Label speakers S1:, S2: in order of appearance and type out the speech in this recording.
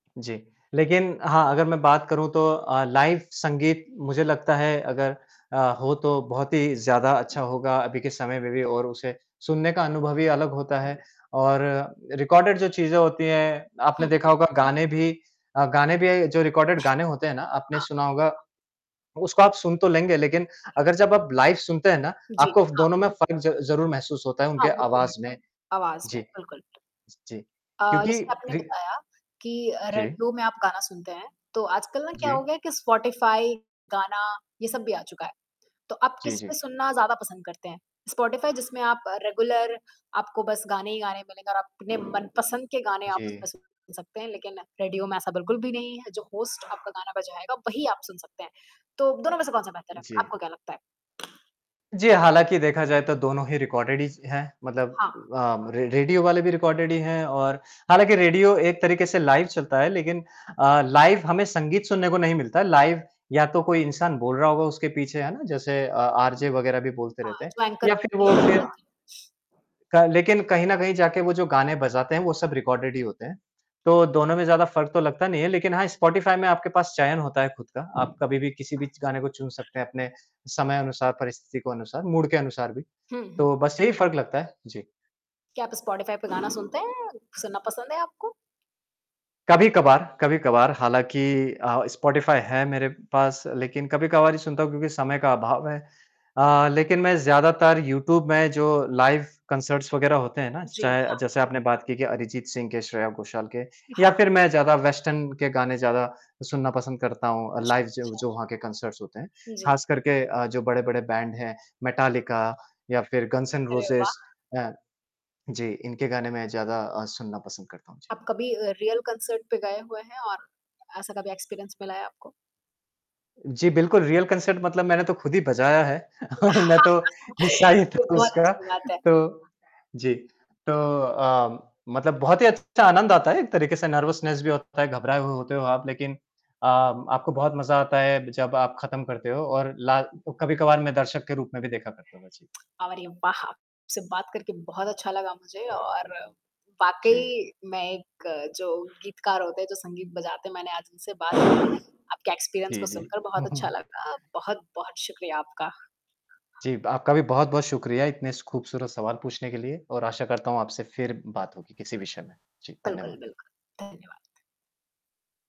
S1: जी। लेक़िन हाँ, अगर मैं बात करूँ तो अ, लाइव संगीत मुझे लगता है अगर अ, हो तो बहुत ही ज़्यादा अच्छा होगा अभी के समय में भी और उसे सुनने का अनुभव भी अलग होता है। और रिकॉर्डेड जो चीज़ें होती हैं, आपने
S2: हुँ,
S1: देखा
S2: हुँ।
S1: होगा गाने भी अ, गाने भी जो रिकॉर्डेड गाने होते हैं ना, आपने
S2: हाँ।
S1: सुना होगा। उसको आप सुन तो लेंगे लेक़िन अगर जब आप लाइव सुनते हैं ना,
S2: जी,
S1: आपको फ
S2: हाँ।
S1: दोनों में फ़र्क ज़ ज़रूर महसूस होता है
S2: हाँ,
S1: उनके
S2: वो तो है।
S1: आवाज़ में।
S2: आवाज़ में,
S1: जी,
S2: बिल्कुल।
S1: ज जी।
S2: अ,
S1: क्योंकि
S2: जैसे आपने
S1: रि
S2: बताया कि अ,
S1: जी।
S2: रेडियो में आप गाना सुनते हैं, तो आजकल ना क्या हो
S1: जी।
S2: गया है कि स्पॉटिफ़ाई, गाना, ये सब भी आ चुका है। तो आप
S1: जी, जी।
S2: किसमें सुनना ज़्यादा पसंद करते हैं? स्पॉटिफाई जिसमें आप रेगुलर आपको बस गाने ही गाने मिलेंगे और आप अपने मनपसंद के गाने आप
S1: जी।
S2: उसमें सुन सकते हैं। लेक़िन, रेडियो में ऐसा बिल्कुल भी नहीं है, जो होस्ट आपका गाना बजाएगा, वही आप सुन सकते हैं। तो दोनों में से कौन-सा बेहतर है?
S1: जी।
S2: आपको क्या लगता है?
S1: जी, हालाँकि देखा जाए तो दोनों ही रिकॉर्डेड ही स हैं मतलब
S2: हाँ।
S1: अ, रे रेडियो वाले भी रिकॉर्डेड ही हैं और हालाँकि रेडियो एक तरीक़े से लाइव चलता है, लेक़िन अ, लाइव हमें संगीत सुनने को नहीं मिलता है, लाइव या तो कोई इंसान बोल रहा होगा उसके पीछे, है ना? जैसे अ, आरजे वग़ैरह भी बोलते
S2: हाँ,
S1: रहते हैं
S2: जो एंकर
S1: या फ़िर
S2: होती
S1: वो
S2: है। हाँ।
S1: फ़िर का लेक़िन कहीं न कहीं जाके वो जो गाने बजाते हैं वो सब रिकॉर्डेड ही होते हैं। तो दोनों में ज़्यादा फ़र्क तो लगता नहीं है, लेक़िन हाँ, स्पॉटिफ़ाई में आपके पास चयन होता है ख़ुद का। आप कभी भी किसी भी च गाने को चुन सकते हैं अपने समय अनुसार, परिस्थिति को अनुसार, मूड के अनुसार भी।
S2: हुँ, हुँ।
S1: तो बस यही फ़र्क लगता है। जी।
S2: क्या आप स्पॉटिफ़ाई पे गाना सुनते हैं सुनना पसंद है आपको?
S1: कभी-कभार कभी-कभार हालाँकि अ, स्पॉटिफ़ाई है मेरे पास लेक़िन कभी-कभार ही सुनता हूँ क्योंकि समय का अभाव है। अ, लेक़िन मैं ज़्यादातर यूट्यूब में जो लाइव कंसर्ट्स वग़ैरह होते हैं ना, ज
S2: जी
S1: चाहे
S2: हाँ।
S1: जैसे आपने बात की, कि अरिजीत सिंह के, श्रेया गोशाल के या
S2: हाँ।
S1: फ़िर मैं ज़्यादा वेस्टर्न के गाने ज़्यादा सुनना पसंद करता हूँ अ,
S2: अच्छा,
S1: लाइव जो
S2: अच्छा।
S1: जो वहाँ के कंसर्ट्स होते हैं।
S2: जी।
S1: ख़ास करके अ, जो बड़े-बड़े बैंड हैं, मेटालिका या फ़िर गन्स एंड
S2: अरे
S1: रोज़ेज
S2: वाह!
S1: अ, जी इनके गाने मैं ज़्यादा अ, सुनना पसंद करता हूँ। जी।
S2: आप कभी अ, रियल कंसर्ट पे गए हुए हैं और ऐसा कभी एक्सपीरियंस मिला है आपको?
S1: जी, बिल्कुल रियल कंसर्ट मतलब मैंने तो ख़ुद ही बजाया है, मैं तो हिस्सा ही था
S2: ये बहुत
S1: उसका,
S2: अच्छी बात है।
S1: तो जी। तो अ, मतलब बहुत ही अच्छा आनंद आता है एक तरीक़े से नर्वसनेस भी होता है, घबराए हुए होते हो आप लेक़िन अ, आपको बहुत मज़ा आता है, जब आप ख़त्म करते हो और ला कभी-कभार मैं दर्शक के रूप में भी देखा करता हूँ। जी।
S2: अव अरे वाह! आपसे बात करके बहुत अच्छा लगा मुझे और
S1: जी।
S2: वाक़ई मैं एक जो गीतकार होते हैं, जो संगीत बजाते हैं, मैंने आज उनसे बात की। आपके एक्सपीरियंस
S1: जी,
S2: को
S1: जी।
S2: सुनकर बहुत अच्छा लगा, बहुत-बहुत शुक्रिया आपका।
S1: जी, ब आपका भी बहुत-बहुत शुक्रिया इतने स ख़ूबसूरत सवाल पूछने के लिए और आशा करता हूँ आपसे फ़िर बात होगी किसी विषय में। जी,
S2: बिल्कुल,
S1: धन्यवाद।
S2: बिल्कुल। धन्यवाद।